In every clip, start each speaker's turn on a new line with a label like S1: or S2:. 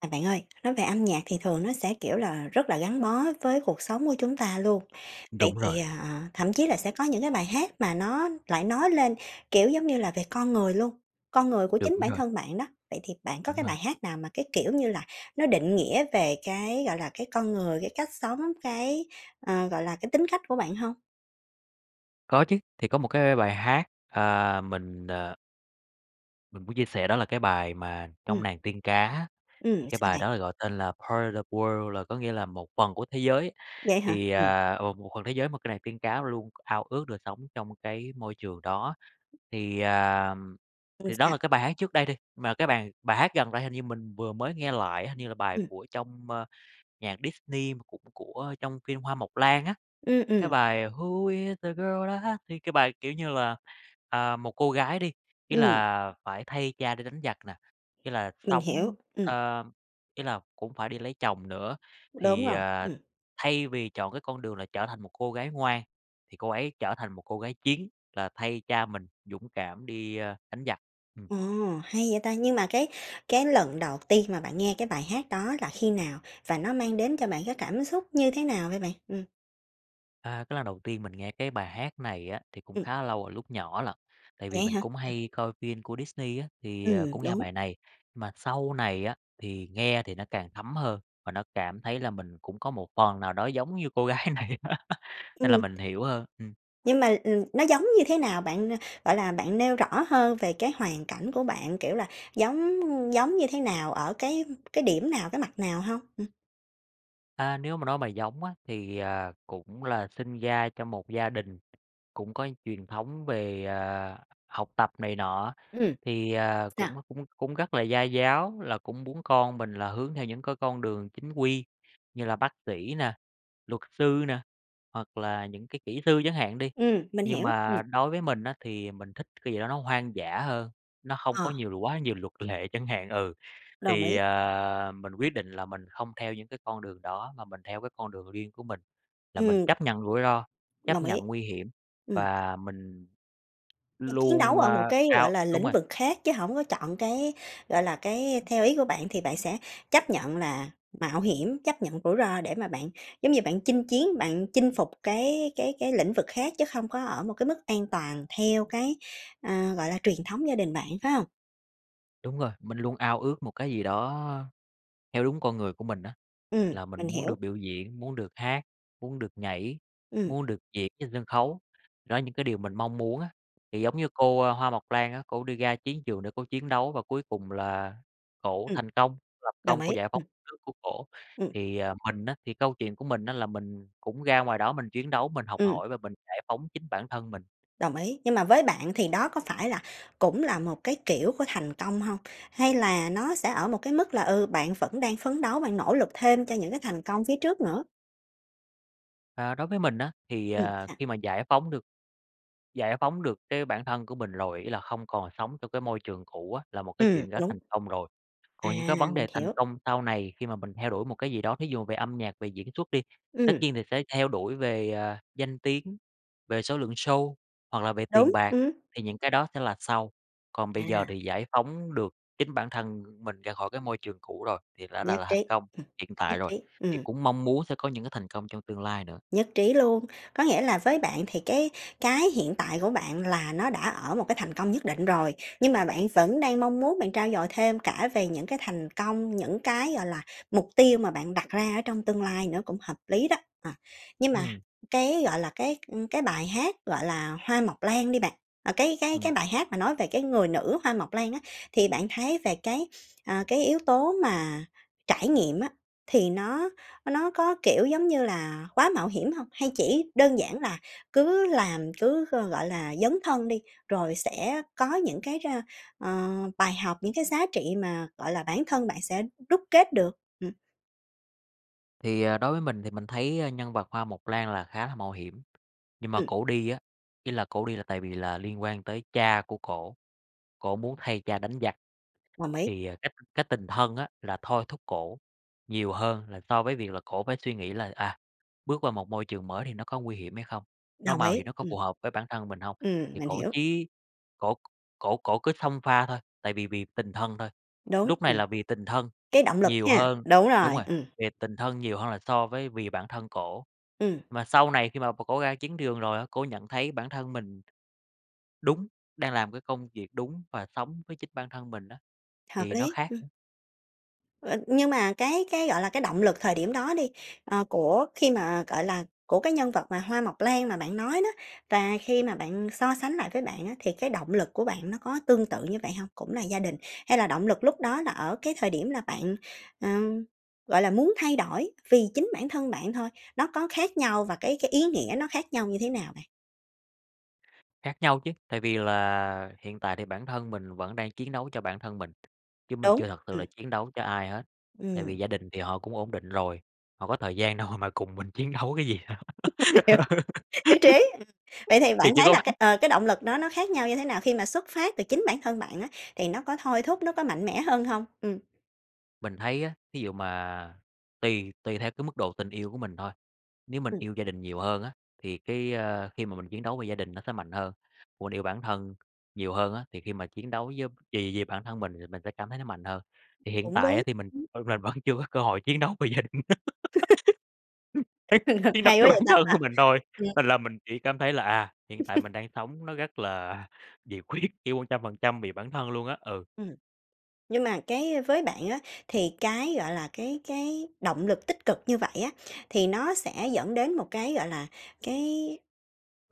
S1: À, bạn ơi, nói về âm nhạc thì thường nó sẽ, kiểu là, rất là gắn bó với cuộc sống của chúng ta luôn. Vậy
S2: Đúng rồi.
S1: thì, ờ thậm chí là sẽ có những cái bài hát mà nó lại nói lên, kiểu, giống như là về con người luôn, con người của chính
S2: Đúng
S1: bản
S2: rồi.
S1: thân bạn đó. Vậy thì bạn có
S2: Đúng
S1: cái
S2: rồi.
S1: bài hát nào mà cái, kiểu như là, nó định nghĩa về cái, gọi là, cái con người, cái cách sống, cái, ờ, gọi là, cái tính cách của bạn hông?
S2: Có chứ, thì có một cái bài hát, à, mình, ờ Mình muốn chia sẻ đó là cái bài mà
S1: Ừm.
S2: trong Nàng Tiên Cá á,
S1: Ừm,
S2: thì cái
S1: sao
S2: bài
S1: bạn?
S2: đó được gọi tên là "Part of World" là có nghĩa là một phần của thế giới,
S1: Vậy hả?
S2: thì,
S1: Ừm.
S2: à, một phần thế giới mà cái Nàng Tiên Cá luôn ao ước được sống trong cái môi trường đó. Thì, à,
S1: Ừm,
S2: thì đó
S1: sao?
S2: là cái bài hát trước đây đi, mà cái bài bài hát gần đây hình như mình vừa mới nghe lại á, hình như là bài
S1: Ừm.
S2: của trong, ơ, nhạc Disney, mà cũng của trong phim Hoa Mộc Lan á,
S1: Ưm,
S2: cái
S1: ừm.
S2: bài "Who is that girl I thì cái bài, kiểu như, là, à, một cô gái đi, ý
S1: Ừm.
S2: là phải thay cha đi đánh giặc nè, ý là
S1: Mình hiểu.
S2: sống,
S1: Ừm.
S2: ờ ý là cũng phải đi lấy chồng nữa.
S1: Đúng
S2: Thì,
S1: rồi.
S2: ờ,
S1: Ừm.
S2: thay vì chọn cái con đường là trở thành một cô gái ngoan, thì cô ấy trở thành một cô gái chiến là thay cha mình dũng cảm đi, a, đánh giặc. Ừm.
S1: Ồ, hay vậy ta! Nhưng mà cái cái lần đầu tiên mà bạn nghe cái bài hát đó là khi nào và nó mang đến cho bạn cái cảm xúc như thế nào vậy bạn? Ừm.
S2: À, cái lần đầu tiên mình nghe cái bài hát này á, thì cũng
S1: Ừm.
S2: khá lâu rồi lúc nhỏ lận, tại vì
S1: Vậy á
S2: mình
S1: hả?
S2: cũng
S1: Ừm.
S2: hay coi phim của Disney á, thì,
S1: Ừ,
S2: ờ, cũng nghe
S1: đúng.
S2: bài này. Mà sau này á, thì nghe thì nó càng thấm hơn và nó cảm thấy là mình cũng có một phần nào đó giống như cô gái này nên là
S1: Ừm.
S2: mình hiểu hơn. Ừm.
S1: Nhưng mà, ừm, nó giống như thế nào bạn, gọi là, bạn nêu rõ hơn về cái hoàn cảnh của bạn, kiểu là, giống giống như thế nào ở cái cái điểm nào, cái mặt nào hông? Ừm.
S2: À, nếu mà nói mà giống á, thì, ờ, cũng là sinh ra trong một gia đình, cũng có truyền thống về, ờ, học tập này nọ
S1: Ừm.
S2: thì, ờ,
S1: Sao?
S2: cũng cũng cũng rất là gia giáo là cũng muốn con mình là hướng theo những cái con đường chính quy như là bác sĩ nè, luật sư nè, hoặc là những cái kỹ sư chẳng hạn đi.
S1: Ừm, mình
S2: Nhưng
S1: hiểu,
S2: mà
S1: ừm.
S2: đối với mình á, thì mình thích cái gì đó nó hoang dã hơn, nó hông có
S1: Ờ.
S2: nhiều quá nhiều luật lệ chẳng hạn, ừ.
S1: Đồng
S2: Thì,
S1: ý.
S2: ờ, mình quyết định là mình hông theo những cái con đường đó mà mình theo cái con đường riêng của mình, là mình
S1: Ừm.
S2: chấp nhận rủi ro, chấp
S1: Đồng ý.
S2: nhận nguy hiểm
S1: Ừm.
S2: và mình
S1: Ch chiến
S2: luôn,
S1: đấu ở một
S2: a,
S1: cái, gọi
S2: cao
S1: là,
S2: đúng
S1: lĩnh
S2: rồi.
S1: vực khác chứ hổng có chọn cái, gọi là, cái theo ý của bạn thì bạn sẽ chấp nhận là mạo hiểm, chấp nhận rủi ro để mà bạn, giống như, bạn chinh chiến, bạn chinh phục cái cái cái lĩnh vực khác chứ không có ở một cái mức an toàn theo cái, ờ, gọi là, truyền thống gia đình bạn, phải hông?
S2: Đúng rồi, mình luôn ao ước một cái gì đó theo đúng con người của mình á,
S1: Ừm,
S2: là mình
S1: mình
S2: muốn
S1: hiểu.
S2: được biểu diễn, muốn được hát, muốn được nhảy,
S1: Ừm.
S2: muốn được diễn trên sân khấu. Đó là những cái điều mình mong muốn á, thì giống như cô, ơ, Hoa Mộc Lan á, cổ đi ra chiến trường để cô chiến đấu và cuối cùng là cổ
S1: Ừm.
S2: thành công, lập
S1: Đồng
S2: công cô
S1: ý,
S2: giải
S1: ừm.
S2: phóng đất nước của cổ.
S1: Ừm.
S2: Thì, ờ, mình á, thì câu chuyện của mình á, là mình cũng ra ngoài đó mình chiến đấu, mình học
S1: Ừm.
S2: hỏi và mình giải phóng chính bản thân mình.
S1: Đồng ý, nhưng mà với bạn thì đó có phải là cũng là một cái kiểu của thành công hông, hay là nó sẽ ở một cái mức là, ừ, bạn vẫn đang phấn đấu và nỗ lực thêm cho những cái thành công phía trước nữa?
S2: À, đối với mình á, thì,
S1: Ừm,
S2: ờ,
S1: sao?
S2: khi mà giải phóng được giải phóng được cái bản thân của mình rồi, ý là không còn sống trong cái môi trường cũ á, là một cái
S1: Ừm,
S2: chuyện đã
S1: đúng.
S2: thành công rồi.
S1: À,
S2: Còn những cái vấn
S1: mình
S2: đề thành
S1: hiểu.
S2: công sau này khi mà mình theo đuổi một cái gì đó thí dụ về âm nhạc, về diễn xuất đi, tất
S1: Ừm.
S2: nhiên thì sẽ theo đuổi về, ờ, danh tiếng, về số lượng show hoặc là về tiền
S1: Đúng,
S2: bạc,
S1: ừm.
S2: thì những cái đó sẽ là sau. Còn bây giờ
S1: À.
S2: thì giải phóng được chính bản thân mình ra khỏi cái môi trường cũ rồi thì đã là
S1: Nhất
S2: là
S1: trí,
S2: thành công
S1: ừm,
S2: hiện
S1: nhất
S2: tại rồi,
S1: trí,
S2: thì
S1: ừm.
S2: cũng mong muốn sẽ có những cái thành công trong tương lai nữa.
S1: Nhất trí luôn, có nghĩa là với bạn thì cái cái hiện tại của bạn là nó đã ở một cái thành công nhất định rồi, nhưng mà bạn vẫn đang mong muốn bạn trau dồi thêm cả về những cái thành công, những cái, gọi là, mục tiêu mà bạn đặt ra ở trong tương lai nữa cũng hợp lý đó, ờ. Nhưng mà
S2: Ừm.
S1: cái, gọi là, cái, ưm, cái bài hát, gọi là, Hoa Mộc Lan đi bạn, ờ, cái cái cái
S2: Ừm.
S1: bài hát mà nói về cái người nữ Hoa Mộc Lan á, thì bạn thấy về cái, ờ, cái yếu tố mà trải nghiệm á, thì nó nó có, kiểu, giống như là quá mạo hiểm hông? Hay chỉ đơn giản là cứ làm, cứ, gọi là, dấn thân đi, rồi sẽ có những cái, ờ, ờ, bài học, những cái giá trị mà, gọi là, bản thân bạn sẽ đúc kết được? Ừm.
S2: Thì, à, đối với mình thì mình thấy, a, nhân vật Hoa Mộc Lan là khá là mạo hiểm. Nhưng mà
S1: Ừm.
S2: cổ đi á, ý là cổ đi là tại vì là liên quan tới cha của cổ, cổ muốn thay cha đánh giặc.
S1: Đồng ý.
S2: Thì, à, cái cái tình thân á, là thôi thúc cổ nhiều hơn là so với việc là cổ phải suy nghĩ là, à, bước qua một môi trường mới thì nó có nguy hiểm hay không, nó
S1: Đồng
S2: mạo
S1: ý,
S2: hiểm nó có
S1: ừm.
S2: phù hợp với bản thân mình hông?
S1: Ừm,
S2: Thì
S1: mình
S2: cổ
S1: hiểu.
S2: chí cổ cổ cổ cứ xông pha thôi, tại vì vì tình thân thôi,
S1: Đúng,
S2: lúc này
S1: ừm.
S2: là vì tình thân
S1: Cái động lực
S2: nhiều
S1: ha,
S2: hơn
S1: đúng
S2: đúng
S1: rồi,
S2: rồi,
S1: ừm.
S2: vì tình thân nhiều hơn là so với vì bản thân cổ.
S1: Ừm.
S2: Mà sau này khi mà cổ cổ ra chiến trường rồi á, cổ nhận thấy bản thân mình đúng, đang làm cái công việc đúng và sống với chính bản thân mình á,
S1: Hợp
S2: thì nó
S1: lý.
S2: khác.
S1: Ơ, nhưng mà cái cái, gọi là, cái động lực thời điểm đó đi, ờ, của khi mà, gọi là, của cái nhân vật, à, Hoa Mộc Lan mà bạn nói đó và khi mà bạn so sánh lại với bạn á, thì cái động lực của bạn nó có tương tự như vậy hông? Cũng là gia đình hay là động lực lúc đó là ở cái thời điểm là bạn, ờ, gọi là, muốn thay đổi vì chính bản thân bạn thôi, nó có khác nhau và cái cái ý nghĩa nó khác nhau như thế nào bạn?
S2: Khác nhau chứ, tại vì là hiện tại thì bản thân mình vẫn đang chiến đấu cho bản thân mình, chứ mình
S1: Đúng,
S2: chưa thật sự
S1: ừm.
S2: là chiến đấu cho ai hết, tại
S1: Ừm.
S2: vì gia đình thì họ cũng ổn định rồi, họ có thời gian đâu mà cùng mình chiến đấu cái gì. Ừ.
S1: Hiểu. Nhất trí, ừm. Vậy thì bạn
S2: Thiệt vậy
S1: thấy
S2: luôn
S1: là
S2: á.
S1: cái, ờ, cái động lực đó nó khác nhau như thế nào khi mà xuất phát từ chính bản thân bạn á thì nó có thôi thúc, nó có mạnh mẽ hơn hông? Ừm.
S2: Mình thấy á, thí dụ mà tùy tùy theo cái mức độ tình yêu của mình thôi, nếu mình
S1: Ừm.
S2: yêu gia đình nhiều hơn á thì cái, à, khi mà mình chiến đấu vì gia đình nó sẽ mạnh hơn, còn yêu bản thân nhiều hơn á, thì khi mà chiến đấu với vì vì bản thân mình thì mình sẽ cảm thấy nó mạnh hơn. Thì hiện
S1: Cũng
S2: tại á
S1: đúng,
S2: thì mình,
S1: ưm.
S2: ờ, mà vẫn chưa có cơ hội chiến đấu vì gia đình,
S1: Hừng hực.
S2: chiến đấu
S1: Hay
S2: cho
S1: quá
S2: bản
S1: vậy ta,
S2: thân
S1: ờ,
S2: của mình thôi,
S1: ừm.
S2: nên là mình chỉ cảm thấy là, à, hiện tại mình đang sống nó rất là nhiệt huyết, kiểu, 100% vì bản thân luôn á, ừ.
S1: Ừm, nhưng mà cái với bạn á thì cái, gọi là, cái cái động lực tích cực như vậy á, thì nó sẽ dẫn đến một cái, gọi là, cái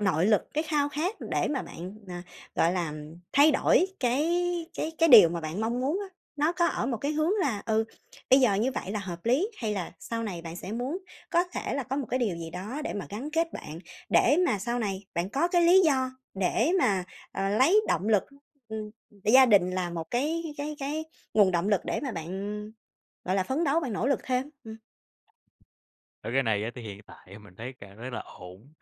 S1: nội lực, cái khao khát để mà bạn, ờ, gọi là, thay đổi cái cái cái điều mà bạn mong muốn á, nó có ở một cái hướng là, ừ, bây giờ như vậy là hợp lý hay là sau này bạn sẽ muốn có thể là có một cái điều gì đó để mà gắn kết bạn, để mà sau này bạn có cái lý do để mà, ờ, lấy động lực, ừm, gia đình là một cái cái cái nguồn động lực để mà bạn, ừm, gọi là, phấn đấu bạn nỗ lực thêm? Ừm.
S2: Ơ, cái này á, thì hiện tại mình thấy cảm thấy là ổn.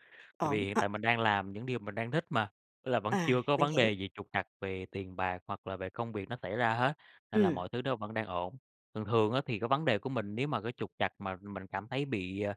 S2: Tại
S1: Ổn,
S2: vì hiện
S1: ơ
S2: tại mình đang làm những điều mình đang thích mà! Tức là vẫn
S1: À,
S2: chưa có
S1: mình
S2: vấn
S1: hiểu.
S2: đề gì trục trặc về tiền bạc hoặc là về công việc nó xảy ra hết, nên là
S1: Ừm.
S2: mọi thứ nó vẫn đang ổn. Thường thường á, thì cái vấn đề của mình nếu mà cái trục trặc mà mình cảm thấy bị, à,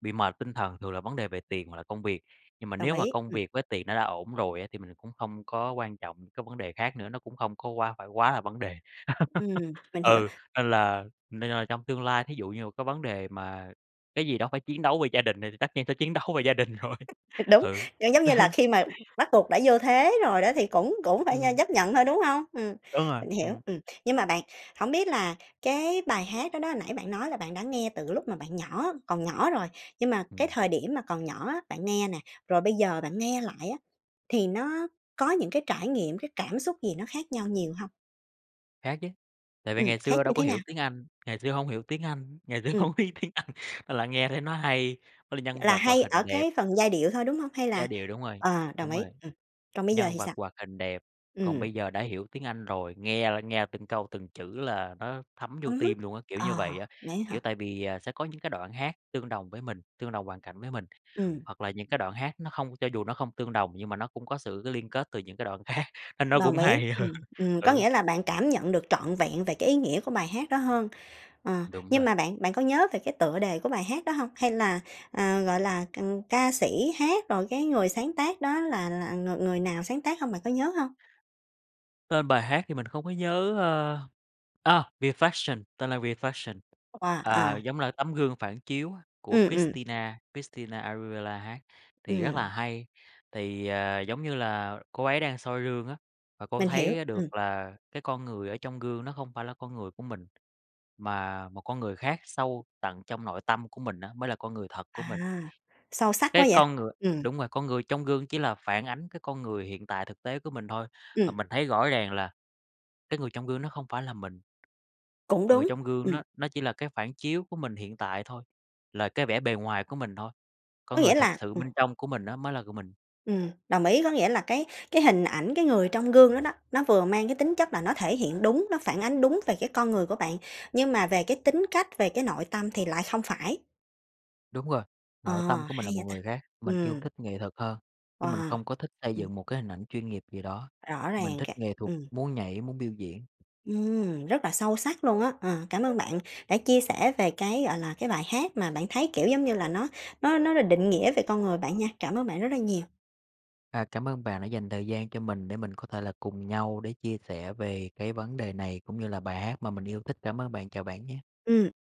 S2: bị mệt tinh thần thường là vấn đề về tiền hoặc là công việc. Nhưng mà
S1: Đồng
S2: nếu mà
S1: ý,
S2: công
S1: ừm.
S2: việc với tiền nó đã ổn rồi á, thì mình cũng không có quan trọng cái vấn đề khác nữa. Nó cũng không có quá phải quá là vấn đề.
S1: Ừm, mình hiểu.
S2: Ừ, nên là nên là trong tương lai thí dụ như một cái vấn đề mà cái gì đó phải chiến đấu về gia đình thì tất nhiên sẽ chiến đấu về gia đình rồi.
S1: Thực đúng,
S2: Ừ.
S1: giống như là khi mà bắt buộc đã vô thế rồi đó thì cũng cũng phải, ơ,
S2: Ừm.
S1: chấp nhận thôi, đúng hông? Ừm,
S2: Đúng rồi,
S1: mình hiểu,
S2: ừm.
S1: ừm. Nhưng mà bạn, hổng biết là cái bài hát đó đó nãy bạn nói là bạn đã nghe từ lúc mà bạn nhỏ còn nhỏ rồi, nhưng mà cái
S2: Ừm.
S1: thời điểm mà còn nhỏ á, bạn nghe nè, rồi bây giờ bạn nghe lại á, thì nó có những cái trải nghiệm, cái cảm xúc gì nó khác nhau nhiều hông?
S2: Khác chứ. Tại vì
S1: Ừm,
S2: ngày
S1: khác
S2: xưa đâu
S1: như
S2: có
S1: thế nào?
S2: hiểu tiếng Anh, ngày xưa hông hiểu tiếng Anh, ngày xưa
S1: Ừm.
S2: hổng biết tiếng Anh, nên là nghe thấy nó hay, với lại nhân
S1: Là
S2: vật hoạt
S1: hay
S2: hình
S1: ở
S2: đẹp.
S1: cái phần giai điệu thôi, đúng hông hay là
S2: Giai điệu, đúng rồi,
S1: ờ, đồng
S2: đúng
S1: ý,
S2: rồi,
S1: ừm. Còn bây giờ
S2: nhân
S1: thì
S2: vật
S1: sao?
S2: hoạt hình đẹp. Còn
S1: Ừm.
S2: bây giờ đã hiểu tiếng Anh rồi, nghe là nghe từng câu từng chữ là nó thấm vô
S1: Ừm hứm.
S2: tim luôn á, kiểu
S1: Ờ,
S2: như vậy á.
S1: vậy á
S2: Kiểu
S1: hả?
S2: tại vì, à, sẽ có những cái đoạn hát tương đồng với mình, tương đồng hoàn cảnh với mình.
S1: Ừm.
S2: Hoặc là những cái đoạn hát nó không cho dù nó không tương đồng nhưng mà nó cũng có sự liên kết từ những cái đoạn khác, nên nó
S1: Đồng
S2: cũng
S1: ý,
S2: hay hơn.
S1: ừm, ừm, có
S2: Ừ.
S1: nghĩa là bạn cảm nhận được trọn vẹn về cái ý nghĩa của bài hát đó hơn. Ờ,
S2: Đúng
S1: nhưng
S2: rồi.
S1: mà bạn bạn có nhớ về cái tựa đề của bài hát đó hông hay là, à, gọi là, c ca sĩ hát rồi cái người sáng tác đó là là người người nào sáng tác hông, bạn có nhớ hông?
S2: Tên bài hát thì mình không có nhớ, ơ ờ, "Reflection", tên là "Reflection".
S1: Wow,
S2: À,
S1: à.
S2: giống là tấm gương phản chiếu á, của
S1: Ừm, ừm.
S2: Christina Christina Aguilera hát, thì rất
S1: Ừm.
S2: là hay. Thì, ờ, giống như là cô ấy đang soi gương á, và cô
S1: Mình hiểu,
S2: thấy được
S1: ừm.
S2: là cái con người ở trong gương nó không phải là con người của mình. Mà một con người khác sâu tận trong nội tâm của mình á, mới là con người thật của mình.
S1: À! Sâu sắc quá
S2: Cái
S1: vậy.
S2: con người
S1: Ừm.
S2: đúng rồi, con người trong gương chỉ là phản ánh cái con người hiện tại thực tế của mình thôi, và
S1: Ừm.
S2: mình thấy rõ ràng là cái người trong gương nó không phải là mình.
S1: Cũng
S2: Người
S1: đúng,
S2: trong gương
S1: ừm.
S2: nó nó chỉ là cái phản chiếu của mình hiện tại thôi, là cái vẻ bề ngoài của mình thôi. Con
S1: Có
S2: người
S1: nghĩa
S2: thật
S1: là
S2: sự
S1: ừm.
S2: bên trong của mình đó mới là của mình.
S1: Ừ, đồng ý, có nghĩa là cái cái hình ảnh cái người trong gương đó đó, nó vừa mang cái tính chất là nó thể hiện đúng, nó phản ánh đúng về cái con người của bạn, nhưng mà về cái tính cách, về cái nội tâm thì lại không phải.
S2: Đúng rồi.
S1: Ờ,
S2: Nội tâm của mình
S1: hay
S2: là một
S1: vậy ta.
S2: người khác, mình yêu
S1: Ừm.
S2: thích nghệ thuật hơn, chứ mình
S1: Wow!
S2: không có thích xây
S1: Ừm.
S2: dựng một cái hình ảnh chuyên nghiệp gì đó.
S1: Rõ
S2: Mình
S1: ràng
S2: thích
S1: cả
S2: nghệ thuật,
S1: ừm.
S2: muốn nhảy, muốn biểu diễn.
S1: Ừm, rất là sâu sắc luôn á! Ờ, cảm ơn bạn đã chia sẻ về cái, gọi là, cái bài hát mà bạn thấy, kiểu, giống như là nó nó nó định nghĩa về con người bạn nha. Cảm ơn bạn rất là nhiều!
S2: À, cảm ơn bạn đã dành thời gian cho mình để mình có thể là cùng nhau để chia sẻ về cái vấn đề này cũng như là bài hát mà mình yêu thích. Cảm ơn bạn, chào bạn nha!
S1: Ừm.